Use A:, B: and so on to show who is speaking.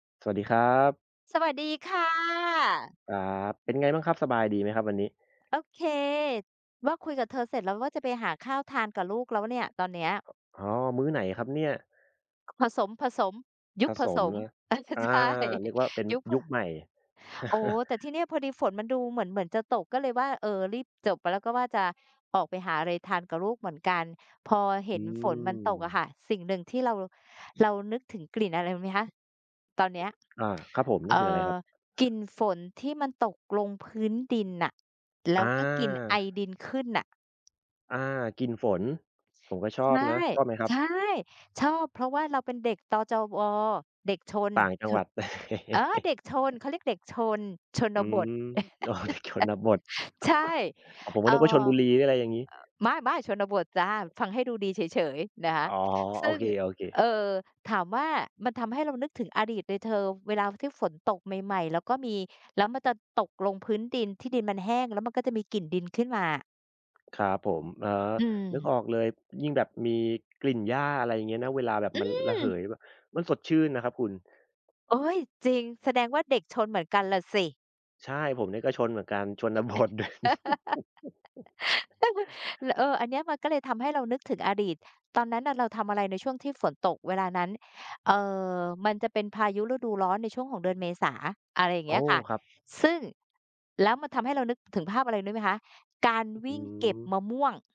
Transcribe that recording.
A: สวัสดีครับ
B: สวัสดีค่ะ
A: ครับ เป็นไงบ้างครับ สบายดีไหมครับวันนี้?
B: โอเค ว่าคุยกับเธอเสร็จแล้ว ว่าจะไปหาข้าวทานกับลูกแล้วเนี่ย ตอนเนี้ย
A: อ อ๋อ มื้อไหนครับเนี่ย?
B: ค ผสม ๆ ย
A: ผ
B: ุคผ
A: ส
B: ส
A: ม
B: ม
A: นะ
B: อา ช
A: อา
B: ใช่
A: เรียกว่าเป็น
B: ยุค ผ
A: ยุคใหม่
B: โอ้ แต่ทีเนี่ยพอดีฝนมันดูเหมือน เหมือนจะตกก็เลยว่า เอ่อ รีบจบไป แล้วก็ว่าจะออกไปหาอะไรทานกับลูกเหมือนกัน พอเห
A: อื
B: ็นฝนมันตกอะค
A: ม
B: ่ะ สิ่งหนึ่งที่เรา เรานึกถึงกลิ่นอะไรรู้ไหมคะ ตอนเนี้ย
A: อา ครับผม น
B: เ
A: ึ
B: อ
A: ก
B: ่
A: ถึงอะไรค
B: อ
A: รับ?
B: กลิ่นฝนที่มันตกลงพื้นดินน่ะ แล
A: อ
B: ้วก็กลิ่นไอ
A: า
B: ดินขึ้นน่ะ
A: อา กลิ่นฝน ผมก็ช
B: ใ
A: อ
B: ช
A: บ
B: ่
A: นะ ชอบไหมครั
B: ใ
A: บ?
B: ช่ ชอบเพราะว่าเราเป็นเด็กตอจอวอ เด็กชน
A: ต่างจัง
B: ช
A: หวั
B: น
A: ด
B: เออ เด็กชน เขาเรียกเด็กชน ช
A: อ
B: น
A: ื
B: บท
A: ม อ๋อ เด็ก ชนบท
B: ใช่
A: อ๋อ ผม
B: เ
A: ก
B: อ
A: ็
B: ่อ
A: นึกว่าชล
B: อ
A: บุรี หรืออะไรอย่างงี้
B: ไม่ ๆ ชนบทจ้ะ ฟังให้ดูดีเฉย ๆ นะค
A: อ
B: ะ
A: ๋อ โ
B: ซ
A: อ
B: ึ่ง
A: เค
B: เ
A: ๆ
B: อ่อ ถามว่า มันทำให้เรานึกถึงอดีตเลยเธอ เวลาที่ฝนตกใหม่ ๆ แล้วก็มี แล้วมันจะตกลงพื้นดิน ที่ดินมันแห้ง แล้วมันก็จะมีกลิ่นดินขึ้นมา
A: ครับผม อ๋อ
B: อื
A: นึก
B: ม
A: ออกเลย ยิ่งแบบมีกลิ่นหญ้า อะไรอย่างเงี้ยนะ เวลาแบบ
B: อ
A: มันระเห
B: ืม
A: ย บ มันสดชื่นนะครับคุณ
B: โอ๊ย จริง แสดงว่าเด็กชนเหมือนกันล่ะสิ
A: ใช่ ผมนี่ก็ชนเหมือนกัน ช
B: อ
A: น บท ด
B: ล เออ อันเนี้ยมันก็เลยทำให้เรานึกถึงอดีต ตอนนั้นน่ะเราทำอะไรในช่วงที่ฝนตกเวลานั้น เอ่อ มันจะเป็นพายุฤดูร้อนในช่วงของเดือนเมษา อะไรอย่าง
A: โอ
B: เ
A: ้
B: งี้ยค่ะ
A: ครับ
B: ซึ่ง แล้วมันทำให้เรานึกถึงภาพอะไรรู้ไหมคะ การ
A: ห
B: ว
A: อื
B: ิ่งเก็บ
A: ม
B: มะม่วง